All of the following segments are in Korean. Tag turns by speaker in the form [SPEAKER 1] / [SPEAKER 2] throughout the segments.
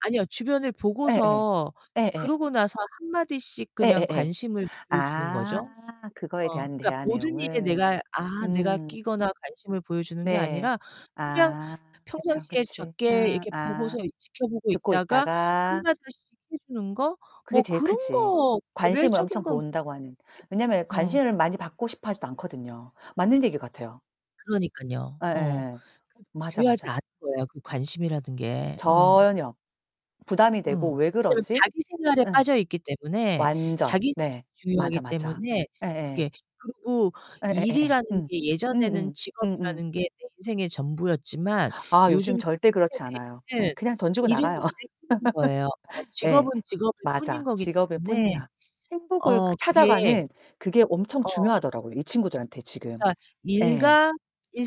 [SPEAKER 1] 아니요, 주변을
[SPEAKER 2] 예예.
[SPEAKER 1] 보고서
[SPEAKER 2] 예예.
[SPEAKER 1] 그러고 나서 한마디씩 그냥
[SPEAKER 2] 예예예.
[SPEAKER 1] 관심을 보여 주는
[SPEAKER 2] 아.
[SPEAKER 1] 거죠.
[SPEAKER 2] 그거에
[SPEAKER 1] 어
[SPEAKER 2] 대한
[SPEAKER 1] 그러니까
[SPEAKER 2] 대화
[SPEAKER 1] 모든 일에
[SPEAKER 2] 내용을.
[SPEAKER 1] 내가, 아 내가
[SPEAKER 2] 음.
[SPEAKER 1] 끼거나 관심을 보여 주는 게
[SPEAKER 2] 네.
[SPEAKER 1] 아니라 그냥
[SPEAKER 2] 아
[SPEAKER 1] 펴
[SPEAKER 2] 그쵸,
[SPEAKER 1] 평상시에
[SPEAKER 2] 그치.
[SPEAKER 1] 적게
[SPEAKER 2] 응.
[SPEAKER 1] 이렇게 보고서
[SPEAKER 2] 아
[SPEAKER 1] 이 지켜보고
[SPEAKER 2] 듣고
[SPEAKER 1] 있다가
[SPEAKER 2] 있다가
[SPEAKER 1] 한마디씩 해 주는 거?
[SPEAKER 2] 그게
[SPEAKER 1] 뭐
[SPEAKER 2] 제일
[SPEAKER 1] 그런
[SPEAKER 2] 크지
[SPEAKER 1] 거
[SPEAKER 2] 관심을
[SPEAKER 1] 개별적인
[SPEAKER 2] 엄청
[SPEAKER 1] 건 그
[SPEAKER 2] 본다고 하는.
[SPEAKER 1] 네.
[SPEAKER 2] 왜냐면
[SPEAKER 1] 음.
[SPEAKER 2] 관심을 많이 받고 싶어 하지도 않거든요. 맞는 얘기 같아요.
[SPEAKER 1] 그러니깐요. 어.
[SPEAKER 2] 예예.
[SPEAKER 1] 그도
[SPEAKER 2] 맞아,
[SPEAKER 1] 중요하지
[SPEAKER 2] 맞아.
[SPEAKER 1] 않은 거예요 그 관심이라는 게. 어.
[SPEAKER 2] 전혀. 부담이
[SPEAKER 1] 어.
[SPEAKER 2] 되고' 왜
[SPEAKER 1] 왜냐면
[SPEAKER 2] 그러지?'
[SPEAKER 1] 자기 생활에
[SPEAKER 2] 예.
[SPEAKER 1] 빠져 있기 때문에,
[SPEAKER 2] 완전.
[SPEAKER 1] 자기생
[SPEAKER 2] 네.
[SPEAKER 1] 중요하기
[SPEAKER 2] 맞아, 맞아.
[SPEAKER 1] 때문에
[SPEAKER 2] 예예.
[SPEAKER 1] 그게 그리고
[SPEAKER 2] 예예예예.
[SPEAKER 1] 일이라는
[SPEAKER 2] 음
[SPEAKER 1] 게 예전에는
[SPEAKER 2] 음음 음음.
[SPEAKER 1] 직업이라는 게 내 인생의 전부였지만
[SPEAKER 2] 아 요즘
[SPEAKER 1] 요즘
[SPEAKER 2] 절대
[SPEAKER 1] 젊은
[SPEAKER 2] 그렇지 않아요. 예.
[SPEAKER 1] 세대에는
[SPEAKER 2] 그냥 던지고
[SPEAKER 1] 일은
[SPEAKER 2] 나가요.
[SPEAKER 1] 일일 뿐인 거예요. 어
[SPEAKER 2] 예.
[SPEAKER 1] 직업은 직업일 뿐인
[SPEAKER 2] 맞아.
[SPEAKER 1] 거기
[SPEAKER 2] 직업일
[SPEAKER 1] 때문에
[SPEAKER 2] 뿐이야. 행복을
[SPEAKER 1] 어
[SPEAKER 2] 그
[SPEAKER 1] 그게
[SPEAKER 2] 찾아가는 그게 엄청
[SPEAKER 1] 어.
[SPEAKER 2] 중요하더라고요 이 친구들한테 지금.
[SPEAKER 1] 그러니까
[SPEAKER 2] 예
[SPEAKER 1] 일과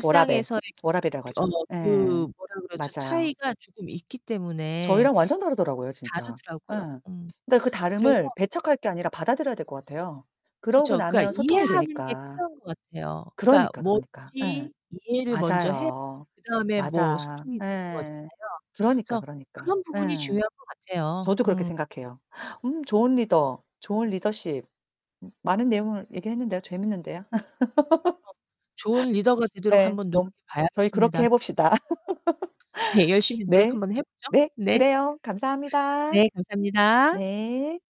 [SPEAKER 2] 워라벨,
[SPEAKER 1] 그
[SPEAKER 2] 워라벨이라고
[SPEAKER 1] 어
[SPEAKER 2] 하죠.
[SPEAKER 1] 그
[SPEAKER 2] 예.
[SPEAKER 1] 뭐라 그러죠
[SPEAKER 2] 맞아요.
[SPEAKER 1] 차이가 조금 있기 때문에
[SPEAKER 2] 저희랑
[SPEAKER 1] 어
[SPEAKER 2] 완전 다르더라고요 진짜. 예.
[SPEAKER 1] 다르더라고요. 음
[SPEAKER 2] 그러니까 그
[SPEAKER 1] 그래서
[SPEAKER 2] 다름을 배척할 게 아니라 받아들여야 될 것 같아요. 그러고
[SPEAKER 1] 그렇죠.
[SPEAKER 2] 나면
[SPEAKER 1] 그러니까
[SPEAKER 2] 소통이
[SPEAKER 1] 이해하는 게
[SPEAKER 2] 되니까.
[SPEAKER 1] 필요한 것 같아요. 그러니까
[SPEAKER 2] 그러니까, 그러니까. 예.
[SPEAKER 1] 뭐든지 이해를 먼저 해
[SPEAKER 2] 맞아요.
[SPEAKER 1] 그다음에 뭐
[SPEAKER 2] 맞아.
[SPEAKER 1] 소통이 되는
[SPEAKER 2] 예.
[SPEAKER 1] 거잖아요.
[SPEAKER 2] 그러니까,
[SPEAKER 1] 그래서
[SPEAKER 2] 그러니까.
[SPEAKER 1] 그런 부분이
[SPEAKER 2] 예.
[SPEAKER 1] 중요한 것 같아요.
[SPEAKER 2] 저도 그렇게
[SPEAKER 1] 음.
[SPEAKER 2] 생각해요. 음 좋은 리더, 좋은 리더십. 많은 내용을 얘기했는데요. 재밌는데요.
[SPEAKER 1] 어 좋은 리더가 되도록
[SPEAKER 2] 예.
[SPEAKER 1] 한번
[SPEAKER 2] 너무 그럼
[SPEAKER 1] 노력해
[SPEAKER 2] 저희
[SPEAKER 1] 봐야겠습니다.
[SPEAKER 2] 그렇게 해 봅시다.
[SPEAKER 1] 네. 네. 열심히 노력
[SPEAKER 2] 네.
[SPEAKER 1] 한번 해 보죠.
[SPEAKER 2] 네.
[SPEAKER 1] 네.
[SPEAKER 2] 그래요. 감사합니다.
[SPEAKER 1] 네, 감사합니다.
[SPEAKER 2] 네.